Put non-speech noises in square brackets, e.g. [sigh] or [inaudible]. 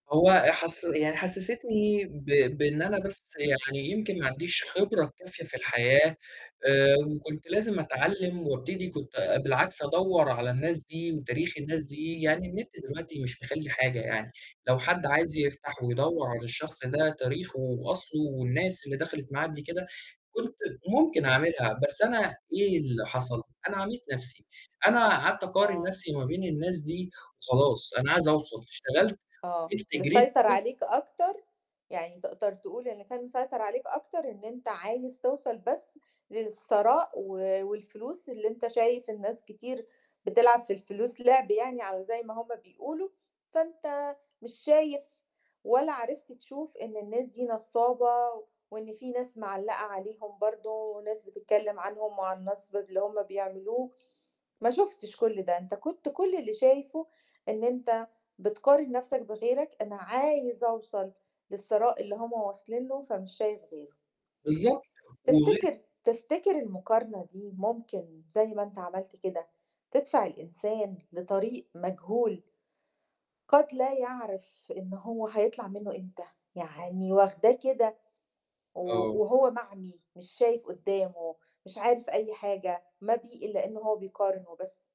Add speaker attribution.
Speaker 1: هو حس يعني حسِّستني ب بإن أنا بس يعني يمكن ما عنديش خبرة الكافية في الحياة آآ وكنت لازم أتعلّم وابتدي، كنت بالعكس أدوّر على الناس دي وتاريخ الناس دي، يعني النت دلوقتي مش مخلّي حاجة يعني، لو حد عايز يفتح ويدوّر على الشخص ده تاريخُه وأصلُه والناس اللي دَخَلت معاه قبل كده، كنت ممكن أعملها، بس أنا إيه اللي حصل؟ أنا عَميت نفْسي، أنا قعدت أقارن
Speaker 2: آه.
Speaker 1: نفْسي ما بين الناس دي وخلاص، أنا عايز أوصل، اشتغلت
Speaker 2: آه،
Speaker 1: وفضلت جريت
Speaker 2: مسيطر
Speaker 1: [unintelligible]
Speaker 2: عليك أكتر، يعني تقدر تقول اللي كان مسيطر عليك أكتر إن أنت عايز توصل بس للثراء، و والفلوس اللي أنت شايف إن ناس كتير بتلعب في الفلوس لِعْب يعني أو زَي ما هُم بيقولوا، فأنت مش شايف ولا عرفت تشوف إن الناس دي نصّابة، وإن فيه ناس مِعلَّقة عليهم برضه، وناس بتتكلم عنهم وعن النصب اللي هُم بيعملوه، ما شُفتش كُلّ ده، أنت كنت كُلّ اللي شايفُه إن أنت بتقارن نفْسك بغيرك، أنا عايز أوصل للثراء اللي هُم واصلين له فمش شايف غيرُه.
Speaker 1: بالضبط. وغير
Speaker 2: تفتكر تفتكر المقارنة دي ممكن زي ما أنت عملت كده، تدفع الإنسان لطريق مجهول قد لا يعرِف إن هو هيطلَع منه إمتى؟ يعني واخداه كده و
Speaker 1: آه.
Speaker 2: وهو معمي مش شايف قُدّامه، مش عارف أي حاجة، ما بيه إلّا إن هو بيقارن وبس.